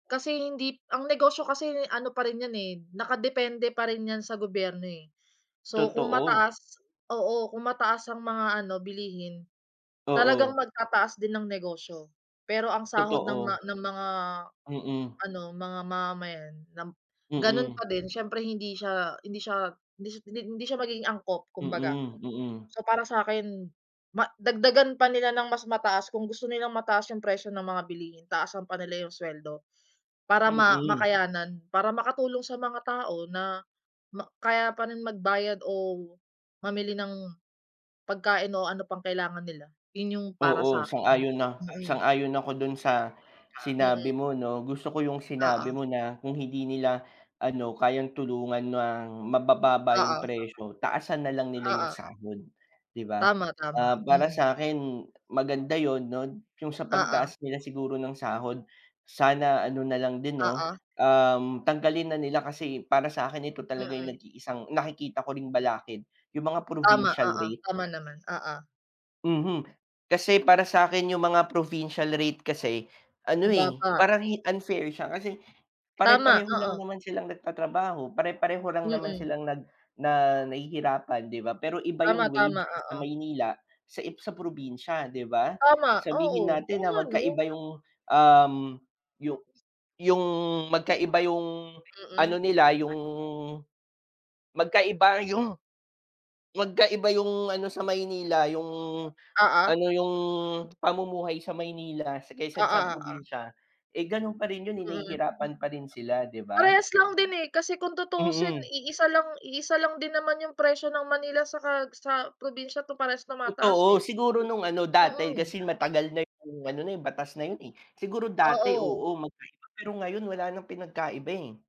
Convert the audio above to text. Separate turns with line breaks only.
Kasi hindi ang negosyo kasi ano pa rin 'yan eh, nakadepende pa rin 'yan sa gobyerno eh. So kung
Totoo.
mataas oo. Kung mataas ang mga ano bilihin, talagang
Oo.
magtataas din ang negosyo. Pero ang sahod ng ma
Totoo.
ng mga
Mm.
ano, mga mamamayan, lam ganun
Mm.
pa din siyempre hindi siya hindi siya hindi sy hindi siya magiging angkop kumbaga.
Mm. Mm.
So para sa 'kin, ma dagdagan pa nila ng mas mataas kung gusto nilang mataas yung presyo ng mga bilihin taasan pa nila yung sweldo. Para ma
Mm.
makayanan. Para makatulong sa mga tao na ma kaya pa rin magbayad o mamili ng pagkain o ano pang kailangan nila. Yun yung para
Oo,
sa 'kin.
sang-ayon a
Mm.
sang-ayon ako dun sa sinabi
Mm.
mo 'no, gusto ko yung sinabi
Oo.
mo na kung hindi nila ano kayang tulungan ng mabababa yung
Oo.
presyo, taasan na lang nila yung
Oo.
sahod, 'di ba?
Tama tama.
Ah, para
Mm.
sa 'kin maganda yun 'no, yung sa
Oo.
pagtaas nila siguro ng sahod, sana ano na lang din 'no,
Oo.
um, tanggalin na nila kasi para sa 'kin ito talaga yung
Mm.
nag-iisang nakikita ko ring balakid yung mga
Tama,
provincial
oo.
rate.
Tama naman. Oo.
Mhm. Kasi para sa 'kin yung mga provincial rate kasi ano eh,
Mababa.
parang hi unfair siya kasi
Tama,
pare-pareho lang
oo.
naman silang nagtatrabaho, pare-pareho lang naman
Mm.
silang nag na nahihirapan 'di ba? Pero iba
Tama
yung
tama,
wage sa
oo.
Maynila sa i sa probinsya, 'di ba?
Tama.
Sabihin
Oo.
natin
Oo
na
nga 'no?
magkaiba yung, um, yu yung magkaiba yung ano
Mm.
nila yung magkaiba yung magkaiba yung ano sa Maynila, yung
Oo.
ano, yung pamumuhay sa Maynila sa kaysa
Oo
sa
oo.
probinsya, eh ganun pa rin yun eh,
Mm, hm
nahihirapan pa rin sila, 'di ba?
Parehas lang din eh, kasi kung tutusin
Mhm.
iisa lang iisa lang din naman yung presyo ng Manila saka sa probinsya tu parehas tumataas
Totoo,
eh.
siguro nung ano dati,
Mm.
kasi matagal na yung ano na yun batas na yun eh. Siguro dati,
Oo.
oo, magkaiba pero ngayon wala nang pinagkaiba eh.